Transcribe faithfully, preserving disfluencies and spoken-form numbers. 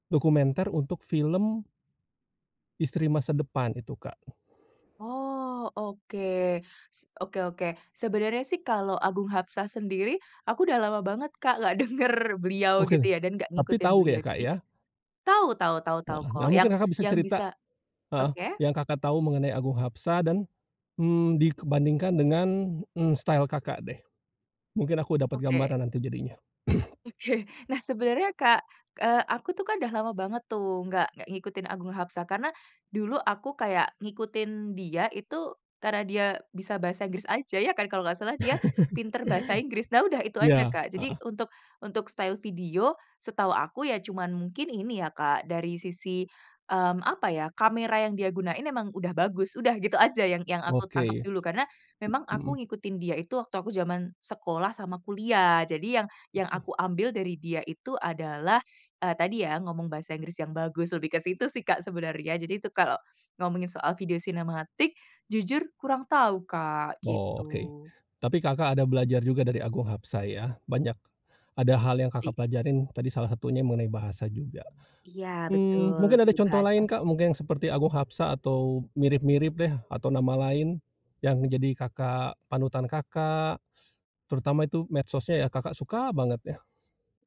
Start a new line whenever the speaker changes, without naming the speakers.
Dokumenter untuk film istri masa depan itu, Kak.
Oh, oke. S oke oke. Sebenarnya sih kalau Agung Hapsah sendiri aku udah lama banget, Kak, nggak denger beliau,
Oke.
gitu ya, dan nggak
Tapi
ngikutin
tahu ya,
beliau.
Kak,
Jadi
ya?
tau tau tau tau
Wah. Nah,
kok, yang
mungkin Kakak bisa
yang
cerita
bisa
heeh,
oke.
yang Kakak tahu mengenai Agung Hapsah dan, mmm, dikebandingkan dengan, eee, style Kakak deh. Mungkin aku dapat
Oke.
gambaran nanti jadinya.
Oke, nah, sebenernya, Kak, eee, aku tuh kan udah lama banget tuh, nggak nggak ngikutin Agung Haspsah karena dulu aku kayak ngikutin dia itu karena dia bisa bahasa Inggris aja, ya kan, kalau nggak salah dia pinter bahasa Inggris. Nah, udah, itu aja,
Iya,
Kak. Jadi
heeh.
untuk untuk style video setahu aku ya, cuman mungkin ini ya, Kak, dari sisi, mmm, apa ya, kamera yang dia gunain emang udah bagus. Udah gitu aja yang yang aku tangkep
Oke.
dulu, karena memang
Mhm.
aku ngikutin dia itu waktu aku zaman sekolah sama kuliah. Jadi yang yang
Oke.
aku ambil dari dia itu adalah, eee, tadi ya, ngomong bahasa Inggris yang bagus, lebih ke situ sih, Kak, sebenarnya jadi itu kalau ngomongin soal video sinematik jujur kurang tahu, Kak,
Oke.
gitu.
Tapi Kakak ada belajar juga dari Agung Hapsah ya, banyak ada hal yang Kakak
Iya.
pelajarin tadi salah satunya mengenai bahasa juga.
Iya,
Mmm,
betul
mungkin
lebih
ada
ke
contoh
bahasa
lain, Kak,
sih.
mungkin seperti Agung Hapsah atau mirip-mirip deh atau nama lain yang menjadi Kakak panutan Kakak, terutama itu medsosnya ya, Kakak suka banget, ya.